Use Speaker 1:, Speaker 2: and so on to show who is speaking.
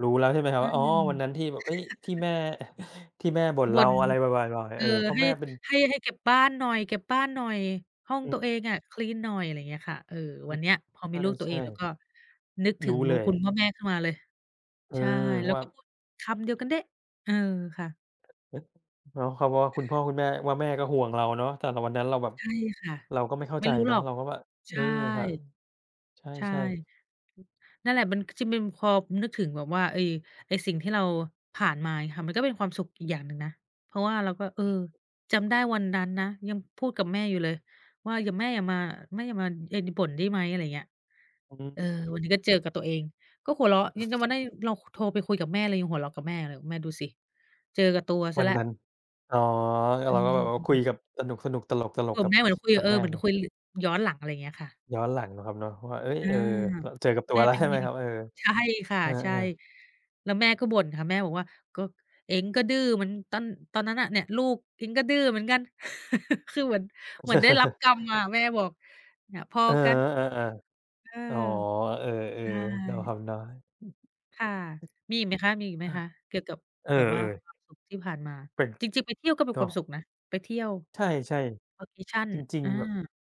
Speaker 1: รู้แล้วใช่ไหมครั
Speaker 2: อ
Speaker 1: บ
Speaker 2: ื
Speaker 1: ว่า อ๋อ วันนั้นท
Speaker 2: ม
Speaker 1: ี่แบบ เฮ้ย ที่แม่ ที่แม่บ่น
Speaker 2: บ
Speaker 1: เร
Speaker 2: ่
Speaker 1: า
Speaker 2: น
Speaker 1: อะไรประมาณ ประมาณนี
Speaker 2: เ
Speaker 1: ้
Speaker 2: อ
Speaker 1: เ
Speaker 2: อ
Speaker 1: ออ เพราะ
Speaker 2: ให
Speaker 1: แ
Speaker 2: ้
Speaker 1: ม่เป็น
Speaker 2: ให้ ให้เก็บบ้านหน่อย เก็บบ้านหน่อย ห้อง
Speaker 1: อื
Speaker 2: ตัว
Speaker 1: ม
Speaker 2: เองอะคลีนหน่อย อะไรอย่างเงี้ยค่ะ เอ่อ
Speaker 1: อื
Speaker 2: วั
Speaker 1: ม
Speaker 2: นเนี้ยพอมีลูกตั
Speaker 1: ใช
Speaker 2: วเอ
Speaker 1: ่
Speaker 2: งแล้วก็นึกถ
Speaker 1: ๆ ร
Speaker 2: ึ
Speaker 1: ู้
Speaker 2: งบ
Speaker 1: เ
Speaker 2: ุ
Speaker 1: ล
Speaker 2: ญ
Speaker 1: ย
Speaker 2: คุณพ่อแม่ขึ้นมาเลย
Speaker 1: เออ
Speaker 2: ใช่ แล้
Speaker 1: ว
Speaker 2: ว
Speaker 1: ่า
Speaker 2: ก็พูดคำเดียวกันเด๊ะ เออ ค่ะ
Speaker 1: เนาะ เขาก็ว่าคุณพ่อคุณแม่ ว่า แม่ก็ห่วงเราเนาะ แต่กับวันนั้นเราแบบ
Speaker 2: ใช่ค่ะ
Speaker 1: เราก็ไม่เข้า
Speaker 2: ไม่
Speaker 1: ใจ
Speaker 2: รู้
Speaker 1: เน
Speaker 2: ห
Speaker 1: า
Speaker 2: ร
Speaker 1: ะ
Speaker 2: อก
Speaker 1: เราก็ว่า
Speaker 2: ใ
Speaker 1: เ
Speaker 2: ช
Speaker 1: ออ
Speaker 2: ่
Speaker 1: ครับ ใ
Speaker 2: ใช่
Speaker 1: ช่ ๆ
Speaker 2: นั่นแหละมัน จริงมัน พอนึกถึงแบบว่าไอ้ ไอ้สิ่งที่เราผ่านมางี้ค่ะ มันก็เป็นความสุขอีกอย่างหนึ่งนะ เพราะว่าเราก็ เออ
Speaker 1: อืม
Speaker 2: จำได้วันนั้นนะ ยังพูดกับแม่อยู่เลยว่า "อย่า แม่อย่ามา แม่อย่ามาไอ้ น บ่นได้ไหม?" อะไรอย่างเงี้ย
Speaker 1: อือฮึ
Speaker 2: เออ
Speaker 1: อือฮึ
Speaker 2: วันนี้ก็เจอกับตัวเอง ก็หัวเราะ ยังต้องมาได้ เราโทรไปคุยกับแม่ เรายังหัวเราะกับแม่เลย "แม่ดูสิ เจอกับตัวเส
Speaker 1: ว
Speaker 2: ีย
Speaker 1: ัน
Speaker 2: แล้ว"
Speaker 1: นั้น อ๋อ อือ
Speaker 2: อ
Speaker 1: เร
Speaker 2: ื
Speaker 1: าก็แบบว่าคุย
Speaker 2: ม
Speaker 1: กับ สนุก ๆ ตล
Speaker 2: คุ
Speaker 1: ก
Speaker 2: ย
Speaker 1: ๆ
Speaker 2: กั
Speaker 1: กั
Speaker 2: บแ
Speaker 1: บ
Speaker 2: ม่เหมือนคุย
Speaker 1: ก
Speaker 2: กั
Speaker 1: ั
Speaker 2: บ
Speaker 1: บ
Speaker 2: เอ
Speaker 1: แ
Speaker 2: อ
Speaker 1: ม่
Speaker 2: เหมือน
Speaker 1: น่ะ
Speaker 2: คุยย้อนหลัง อะไรเงี้ยค่ะ
Speaker 1: ย้อนหลังเนาะครับเนาะ ก็ว่า เฮ้ย
Speaker 2: อ
Speaker 1: เ
Speaker 2: า
Speaker 1: ออ ล เจอกับตั
Speaker 2: แ
Speaker 1: ว
Speaker 2: ม่
Speaker 1: แล้
Speaker 2: เ
Speaker 1: ว
Speaker 2: ป็
Speaker 1: ใ
Speaker 2: น
Speaker 1: ช่ไ
Speaker 2: ไ
Speaker 1: ห
Speaker 2: ง
Speaker 1: มครับ? เออ
Speaker 2: ใช่ค่ะ
Speaker 1: เออ
Speaker 2: ใช่
Speaker 1: ๆ
Speaker 2: แล้วแม่ก็บ่นค่ะ แม่บอกว่า "ก็ เอ็งก็ดื้อเหมือนตอน ตอนนั้นน่ะ เนี่ยลูกเอ็งก็ดื้อเหมือนกัน" คือเหมือน เหมือนได้รับกรรมมา แม่บอก เนี่ยพอ
Speaker 1: เออ
Speaker 2: กัน
Speaker 1: อา
Speaker 2: เออ
Speaker 1: ๆ อ๋อ เออ
Speaker 2: ใช่
Speaker 1: ๆ เนาะครับเนาะ
Speaker 2: ค่ะ มีอีกไหมคะ มีอีกไหม
Speaker 1: อา
Speaker 2: คะ เกี่ยวกับ
Speaker 1: เออ
Speaker 2: แบบว่า
Speaker 1: ๆ
Speaker 2: ความสุขที่ผ่านมา?
Speaker 1: เป็น
Speaker 2: จริง ๆ ไปเที่ยวก็เป็น
Speaker 1: เน
Speaker 2: คว
Speaker 1: า
Speaker 2: าม
Speaker 1: ะ
Speaker 2: สุขนะ ไปเที่ยว
Speaker 1: ใช่
Speaker 2: Vacation
Speaker 1: ๆ จริง
Speaker 2: อ
Speaker 1: ๆ แบบ
Speaker 2: า